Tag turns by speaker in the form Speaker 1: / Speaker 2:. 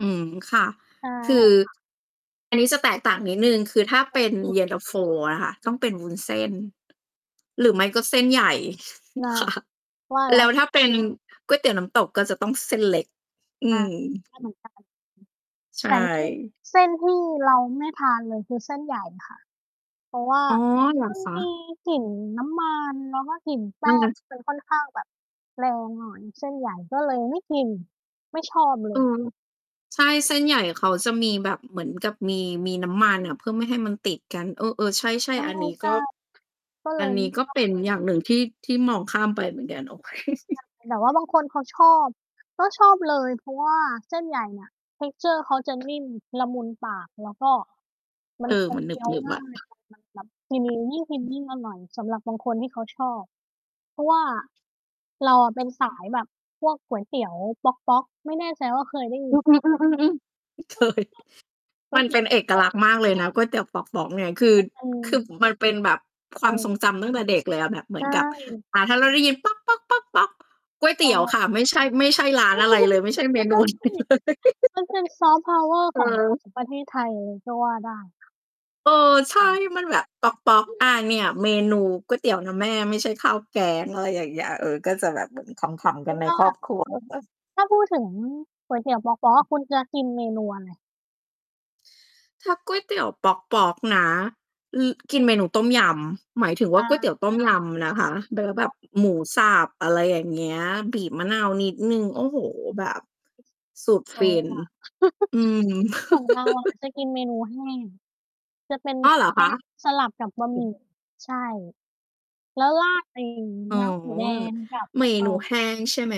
Speaker 1: อืม ค่ะ
Speaker 2: ใช่
Speaker 1: คือ
Speaker 2: ค่ะ
Speaker 1: อันนี้จะแตกต่างนิดหนึ่ง คือถ้า
Speaker 2: อ
Speaker 1: เป็น
Speaker 2: ืม
Speaker 1: เย็นตาโฟอะค่ะ ต้องเป็นวุ้นเส้น หรือไม่ก็เส้นใหญ่
Speaker 2: น่ะ
Speaker 1: ค่ะ
Speaker 2: ว่าแล
Speaker 1: แ
Speaker 2: ้
Speaker 1: ล
Speaker 2: ว
Speaker 1: ้วถ้าเป็นก๋วยเตี๋ยวน้ำตกก็จะต้องเส้นเล็ก อื
Speaker 2: อา
Speaker 1: ม
Speaker 2: ไม่เหมือนกัน ฮึ
Speaker 1: ใช
Speaker 2: แต่ที่
Speaker 1: ่
Speaker 2: เส้นที่เราไม่ทานเลย คือเส้นใหญ่ค่ะ เพราะว่า
Speaker 1: อ๋อ เหรอ
Speaker 2: มัน
Speaker 1: คะ?
Speaker 2: มีกลิ่นน้ำมัน แล้วก็กลิ่นแป้งจะค่อนข้างแบบแรงหน่อย เส้นใหญ่ก็เลยไม่กิน ไม่ชอบเล
Speaker 1: เออ
Speaker 2: ย
Speaker 1: ใช่ เส้นใหญ่เขาจะมีแบบ เหมือนกับมี มีน้ำมันอะ เพื่อไม่ให้มันติดกัน เออ ๆ ใช่ ๆ อันนี้
Speaker 2: ใช
Speaker 1: ก็
Speaker 2: ่ ๆ ก็เล
Speaker 1: อั
Speaker 2: ย
Speaker 1: น
Speaker 2: ไ
Speaker 1: นี
Speaker 2: ม
Speaker 1: ้
Speaker 2: ่
Speaker 1: ก็
Speaker 2: ชอ
Speaker 1: เป
Speaker 2: บ
Speaker 1: ็นอย่างหนึ่งที่ ที่มองข้ามไปเหมือนกัน โอเค
Speaker 2: แต่ว่าบางคนเขาชอบ ก็ชอบเลย เพราะว่าเส้นใหญ่น่ะ texture เขาจะนิ่ม ละมุนปาก แล้วก็ มั
Speaker 1: เอ
Speaker 2: น
Speaker 1: อ
Speaker 2: มั
Speaker 1: ม
Speaker 2: น
Speaker 1: ัน
Speaker 2: เ
Speaker 1: ห
Speaker 2: คี้ยว
Speaker 1: นึบ
Speaker 2: ง
Speaker 1: ๆ
Speaker 2: ่
Speaker 1: อ
Speaker 2: าย
Speaker 1: ะ
Speaker 2: มัน มันแบบ กิน ยิ่งกินยิ่งอร่อยสำหรับบางคนที่เขาชอบ เพราะว่า เราอะเป็นสายแบบพวกก๋วยเตี๋ยวป๊อก ๆ ไม่แน่ใจว่าเคยได้ยิ
Speaker 1: อ
Speaker 2: น
Speaker 1: ื
Speaker 2: ไหมคะ?
Speaker 1: ม ๆ ๆ ๆ ๆ เคย
Speaker 2: ก๋
Speaker 1: ม
Speaker 2: ว
Speaker 1: ั
Speaker 2: ย
Speaker 1: น
Speaker 2: เต
Speaker 1: เ
Speaker 2: ี
Speaker 1: ป
Speaker 2: ๋ย
Speaker 1: ็
Speaker 2: ว
Speaker 1: น
Speaker 2: ป
Speaker 1: เอ
Speaker 2: ๊
Speaker 1: ก
Speaker 2: อ
Speaker 1: ล
Speaker 2: ก ๆ
Speaker 1: ักษณ์มากเลยนะ ก๋วยเตี๋ยว ป๊อก ๆ เนี่ย คือ
Speaker 2: โอเ
Speaker 1: คือ
Speaker 2: ค
Speaker 1: มันเป็นแบบความทรงจ
Speaker 2: เออ
Speaker 1: ำตั้งแต่เด็กเลยอะ แบบเหม
Speaker 2: ใ
Speaker 1: ื
Speaker 2: ช
Speaker 1: อนกับ
Speaker 2: ่
Speaker 1: อา ถ้าเราได้ยินป๊อก ๆ ๆ ๆ ก๋วยเ
Speaker 2: ใ
Speaker 1: ต
Speaker 2: ช
Speaker 1: ี๋ยวค
Speaker 2: ่
Speaker 1: ่ะ ไม่ใช่ ไม่ใช่ร้านอะไรเลย ไม่ใช่เม
Speaker 2: ใ
Speaker 1: น
Speaker 2: ช
Speaker 1: ู
Speaker 2: ่
Speaker 1: อะไรเลย
Speaker 2: มันเป็น soft power
Speaker 1: เอ
Speaker 2: ของ
Speaker 1: อ
Speaker 2: ของประเทศไทยเลย ก็ว่าได้
Speaker 1: เออ ใช่
Speaker 2: จริง
Speaker 1: มันแบบป๊อก ๆ อา เนี่ย เมนูก๋วยเตี๋ยวนะแม่ ไม่ใช่ข้าวแกง อะไรอย่างเงี้ย เออ ก็จะแบบเหมือนขำ ๆ
Speaker 2: เพ
Speaker 1: ก
Speaker 2: ร
Speaker 1: ั
Speaker 2: า
Speaker 1: น
Speaker 2: ะ
Speaker 1: ใน
Speaker 2: ว่
Speaker 1: ครอบ
Speaker 2: า
Speaker 1: ครัว
Speaker 2: ถ้าพูด ถึง ก๋วยเตี๋ยวป๊อก ๆ อะ คุณจะกินเมนูอะไร?
Speaker 1: ถ้าก๋วยเตี๋ยวป๊อก ๆ นะ อือ กินเมนูต้มยำ หมายถึงว
Speaker 2: อ
Speaker 1: ่า
Speaker 2: ๋
Speaker 1: ก๋วยเตี๋ยว
Speaker 2: อ
Speaker 1: ต้มลำนะคะ เนื้อ
Speaker 2: ใ
Speaker 1: แบบ
Speaker 2: ช่
Speaker 1: หมูสับ อะไรอย่างเงี้ย บีบมะนาวนิดหนึ่ง โอ้โฮ! แบบ สุด
Speaker 2: เอ
Speaker 1: ฟ
Speaker 2: อ
Speaker 1: ิน
Speaker 2: ว่ะ
Speaker 1: อืม
Speaker 2: ของเราอะจะกินมนูแห้ง จะเป็น
Speaker 1: อ้อ
Speaker 2: เส
Speaker 1: เหร
Speaker 2: ้
Speaker 1: อ
Speaker 2: น เ
Speaker 1: ค
Speaker 2: ล็
Speaker 1: ะ?
Speaker 2: กสลับกับบะ
Speaker 1: อื
Speaker 2: หมี่
Speaker 1: อ
Speaker 2: ใช่ แล้วราดไอ้
Speaker 1: อ๋อ
Speaker 2: น้ำหมูแดง กับ
Speaker 1: เม
Speaker 2: เอ่
Speaker 1: นู
Speaker 2: อ
Speaker 1: แห้งใช่ ไหม?